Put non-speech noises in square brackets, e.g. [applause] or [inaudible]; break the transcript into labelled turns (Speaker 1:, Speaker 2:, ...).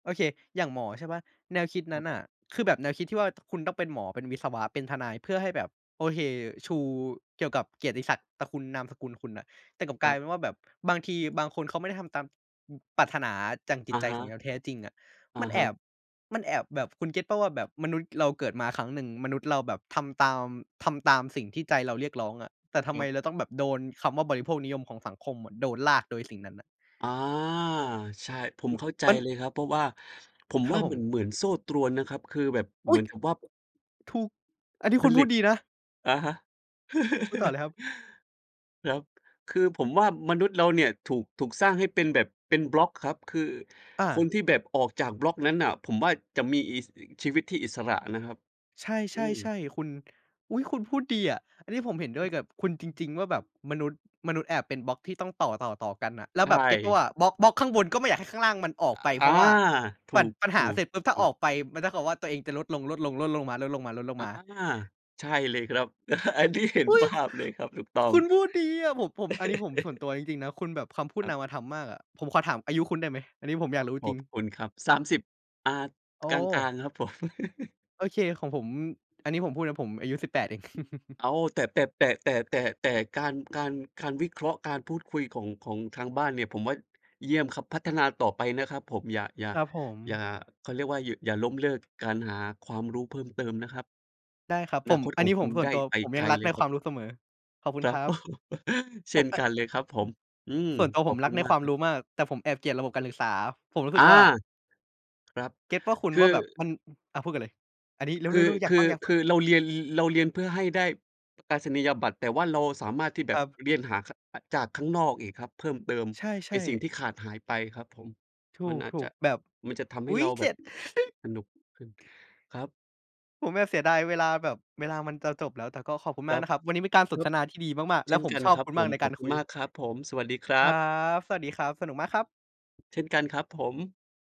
Speaker 1: โอเค อย่างหมอใช่เปล่า แนวคิดน
Speaker 2: ค
Speaker 1: ั
Speaker 2: ร
Speaker 1: ้
Speaker 2: ั
Speaker 1: น
Speaker 2: บ
Speaker 1: น่ะ คือแบบแนวคิดที่ว่า คุณต้องเป็นหมอ เป็นวิศวะ เป็นทนาย เพื่อให้แบบ โอเค ชูเกี่ยวกับเกียรติศักดิ์ตระกูล นามสกุลคุณน่ะ แต่กลับก
Speaker 2: ค
Speaker 1: ลา
Speaker 2: รั
Speaker 1: ย
Speaker 2: บ
Speaker 1: เป็นว่าแบบบางทีบางคนเขาไม่ได้ทำตาม อ ปรารถนาจากจิ
Speaker 2: อ
Speaker 1: ต
Speaker 2: ะ
Speaker 1: ใจ
Speaker 2: ฮ
Speaker 1: ของแน
Speaker 2: ะ
Speaker 1: ว แท้จริงอะ
Speaker 2: อะ
Speaker 1: มันแ
Speaker 2: ฮ
Speaker 1: อ
Speaker 2: ะ
Speaker 1: บ มันแอบแบบ คุณเก็ตเปล่าว่าแบบมนุษย์เราเกิดมาครั้งหนึ่ง มนุษย์เราแบบทำตาม ทำตามสิ่งที่ใจเราเรียกร้องอะ แต่ทำ
Speaker 2: ค
Speaker 1: ไ
Speaker 2: ร
Speaker 1: ม
Speaker 2: ับ
Speaker 1: เราต้องแบบโดนคำว่าบริโภคนิยมของสังคมอะ โดนลากโดยสิ่งนั้นน่ะ
Speaker 2: อา ใช่ ผม
Speaker 1: อือ
Speaker 2: เข้าใจ
Speaker 1: มัน
Speaker 2: เลยครับ เพราะว่า ผม
Speaker 1: ครั
Speaker 2: ว่า
Speaker 1: บผ
Speaker 2: เหมือน
Speaker 1: ม
Speaker 2: เหมือนโซ่ตรวนนะครับ คือแบบ
Speaker 1: อ
Speaker 2: เห
Speaker 1: ุ๊
Speaker 2: มื
Speaker 1: ย
Speaker 2: อนกับว่า บ
Speaker 1: ถูก อันนี้
Speaker 2: ผ
Speaker 1: คุณพ
Speaker 2: ล
Speaker 1: ู
Speaker 2: ิ
Speaker 1: ด
Speaker 2: ต
Speaker 1: ดีนะ
Speaker 2: อะฮะ
Speaker 1: พูดต่อเ
Speaker 2: [chuckles]
Speaker 1: ลยครับ
Speaker 2: ครับ คือผมว่ามนุษย์เราเนี่ยถูก ถูกสร้างให้เป็นแบบเป็นบล็อกครับ คือ
Speaker 1: อ
Speaker 2: คน
Speaker 1: า
Speaker 2: ที่แบบออกจากบล็อกนั้นน่ะ ผมว่าจะมีอิส อีก ชีวิตที่อิสระนะครับ
Speaker 1: ใช
Speaker 2: อื
Speaker 1: ่ ๆ ใช
Speaker 2: ม
Speaker 1: ่คุณ อุ๊ย คุณพูดดีอะ อันนี้ผมเห็นด้วยกับคุณจริง ๆ ว่า แบบมนุษย์ มนุษย์แอบเป็นบล็อกที่ต้องต่อ ๆ ๆ กันอะ แล้ว
Speaker 2: ใช
Speaker 1: แบบเก็ตเปล่า
Speaker 2: ่
Speaker 1: ว่า บล็อก บล็อกข้างบนก็ไม่อยากให้ข้างล่างมันออกไป
Speaker 2: อ อ
Speaker 1: เพรา
Speaker 2: า
Speaker 1: ะว่า
Speaker 2: ถ
Speaker 1: ปัด ปัญหา
Speaker 2: ู
Speaker 1: เ
Speaker 2: ก
Speaker 1: สร็จปุ๊บ ถ้
Speaker 2: ๆ
Speaker 1: า
Speaker 2: ๆ
Speaker 1: ออกไป มันเท่ากับว่า ตัวเองจะลดลง ๆ ลดลงม
Speaker 2: อา
Speaker 1: า ๆ ๆ
Speaker 2: ใช่เลยครับ [chuckles] อันนี้เห็
Speaker 1: อ
Speaker 2: น
Speaker 1: ุ๊ย
Speaker 2: ภ
Speaker 1: ค
Speaker 2: าพ เลยครับ ถูกต้อ
Speaker 1: ค
Speaker 2: ง
Speaker 1: ุณพูดดีอะ ผม ผม อันนี้ผม ส่วนตั
Speaker 2: [chuckles]
Speaker 1: ว จริง ๆ นะ คุณแบบคำพูด
Speaker 2: คร
Speaker 1: น
Speaker 2: ับ
Speaker 1: ามธรรมมากอะ ผมขอถามอายุคุณได้ไหม? อันนี้ผมอยากรู้
Speaker 2: ข
Speaker 1: จร
Speaker 2: อ
Speaker 1: ิ
Speaker 2: บ
Speaker 1: ง
Speaker 2: คุณครับ 30 อ่า
Speaker 1: โอ
Speaker 2: กลาง
Speaker 1: ้
Speaker 2: ๆ ครับผม [chuckles]
Speaker 1: โอเค ของผม อันนี้ผมพูดนะ ผมอายุ 18 เอง [chuckles]
Speaker 2: อ้าว แต่ แต่ แต่ แต่ แต่ แต่การ การ การวิเคราะห์ การพูดคุยของ ของทางบ้านเนี่ย ผมว่า เยี่ยมครับ พัฒนาต่อไปนะครับผม อย่า อย่า
Speaker 1: ครับผ
Speaker 2: อย่า
Speaker 1: ม
Speaker 2: เขาเรียกว่า หยุ อย่าล้มเลิก การหาความรู้เพิ่มเติมนะครับ
Speaker 1: ได้ครับ
Speaker 2: อ
Speaker 1: ผ
Speaker 2: นา
Speaker 1: ม
Speaker 2: คต
Speaker 1: อ
Speaker 2: ข
Speaker 1: ัน
Speaker 2: อง
Speaker 1: นี้
Speaker 2: ค
Speaker 1: ผ
Speaker 2: ุ
Speaker 1: ม
Speaker 2: ณ
Speaker 1: ส่
Speaker 2: ไ
Speaker 1: วน
Speaker 2: ด้
Speaker 1: ตัว
Speaker 2: ไป
Speaker 1: ผม
Speaker 2: ไ
Speaker 1: ย
Speaker 2: ก
Speaker 1: ัง
Speaker 2: ล
Speaker 1: รัก
Speaker 2: เล
Speaker 1: ใ
Speaker 2: ย
Speaker 1: น
Speaker 2: ค
Speaker 1: ค
Speaker 2: รั
Speaker 1: ว
Speaker 2: บ
Speaker 1: ามรู้เสมอ ขอบคุ
Speaker 2: ค
Speaker 1: ณ
Speaker 2: รั
Speaker 1: คร
Speaker 2: บ
Speaker 1: ับ
Speaker 2: [chuckles] เช
Speaker 1: ผ
Speaker 2: ่
Speaker 1: ม
Speaker 2: น
Speaker 1: แอะ อ
Speaker 2: ก
Speaker 1: ื
Speaker 2: ันเลยครับผม อืม
Speaker 1: อ ส่วนตัว
Speaker 2: ข
Speaker 1: ผ
Speaker 2: อ
Speaker 1: ม
Speaker 2: บ
Speaker 1: ร
Speaker 2: ค
Speaker 1: ั
Speaker 2: ุ
Speaker 1: ก
Speaker 2: ณ
Speaker 1: ใน
Speaker 2: มา
Speaker 1: ค
Speaker 2: ก
Speaker 1: วาม
Speaker 2: ครั
Speaker 1: ร
Speaker 2: บ
Speaker 1: ู้มาก แต่ผมแอบเกลียดระบบการศึกษา ผมรู้ส
Speaker 2: อ
Speaker 1: ึ
Speaker 2: า
Speaker 1: กว่า
Speaker 2: ครับ
Speaker 1: เก็ตเปล่าคุณ?
Speaker 2: คื
Speaker 1: ว
Speaker 2: อ
Speaker 1: ่า แบบมัน อือ อา พูดก่อนเลย อันนี้ เร
Speaker 2: ค
Speaker 1: ็
Speaker 2: ือ
Speaker 1: ว ๆ ๆ อย
Speaker 2: ค
Speaker 1: าก
Speaker 2: ื
Speaker 1: ฟ
Speaker 2: อ ค
Speaker 1: ั
Speaker 2: ื
Speaker 1: ง ๆ
Speaker 2: อเราเรียน ร เราเรียนเพื่อให้ได้ ประกาศนียบัตร แต่ว่าเราสามารถที่แ
Speaker 1: ค
Speaker 2: บ
Speaker 1: ร
Speaker 2: บ
Speaker 1: ับ
Speaker 2: เรียนหา ข อ จากข้างนอกอีกครับ เพิ่มเติม
Speaker 1: ใช
Speaker 2: ใน
Speaker 1: ่
Speaker 2: สิ่ง
Speaker 1: ๆ
Speaker 2: ที่ขาดหายไปครับผม
Speaker 1: ถ
Speaker 2: มันอาจ
Speaker 1: ู
Speaker 2: จ
Speaker 1: ก
Speaker 2: ะ
Speaker 1: ๆ แบบ
Speaker 2: มันจะทำใ
Speaker 1: อ
Speaker 2: ห้
Speaker 1: ุ๊
Speaker 2: เ
Speaker 1: ย
Speaker 2: รา
Speaker 1: เ
Speaker 2: แบ
Speaker 1: จ
Speaker 2: บ
Speaker 1: ็ด
Speaker 2: สนุกขึ้น ครับ
Speaker 1: ผมแบบเสียดายเวลา แบบเวลามันจะจบแล้ว แต่ก็ขอบคุณ
Speaker 2: ค
Speaker 1: มา
Speaker 2: ร
Speaker 1: ก
Speaker 2: ับ
Speaker 1: นะครับ วันนี้เป็นการส
Speaker 2: ค
Speaker 1: น
Speaker 2: รับ
Speaker 1: ทนาที่ดีมาก ๆ
Speaker 2: เ
Speaker 1: แ
Speaker 2: ช
Speaker 1: ละ
Speaker 2: ่น
Speaker 1: ผม
Speaker 2: กัน
Speaker 1: ชอบ
Speaker 2: ครับ
Speaker 1: คุณ
Speaker 2: ผ
Speaker 1: มาก
Speaker 2: ม
Speaker 1: ใน
Speaker 2: ข
Speaker 1: ก
Speaker 2: อ
Speaker 1: า
Speaker 2: บ
Speaker 1: ร
Speaker 2: คุ
Speaker 1: ค
Speaker 2: ณ
Speaker 1: ุ
Speaker 2: ม
Speaker 1: ย
Speaker 2: ากครับผม สวัสดีคร
Speaker 1: ค
Speaker 2: ั
Speaker 1: รั
Speaker 2: บ
Speaker 1: บ สวัสดีครับ สนุกมากครับ
Speaker 2: เช่นกันครับผม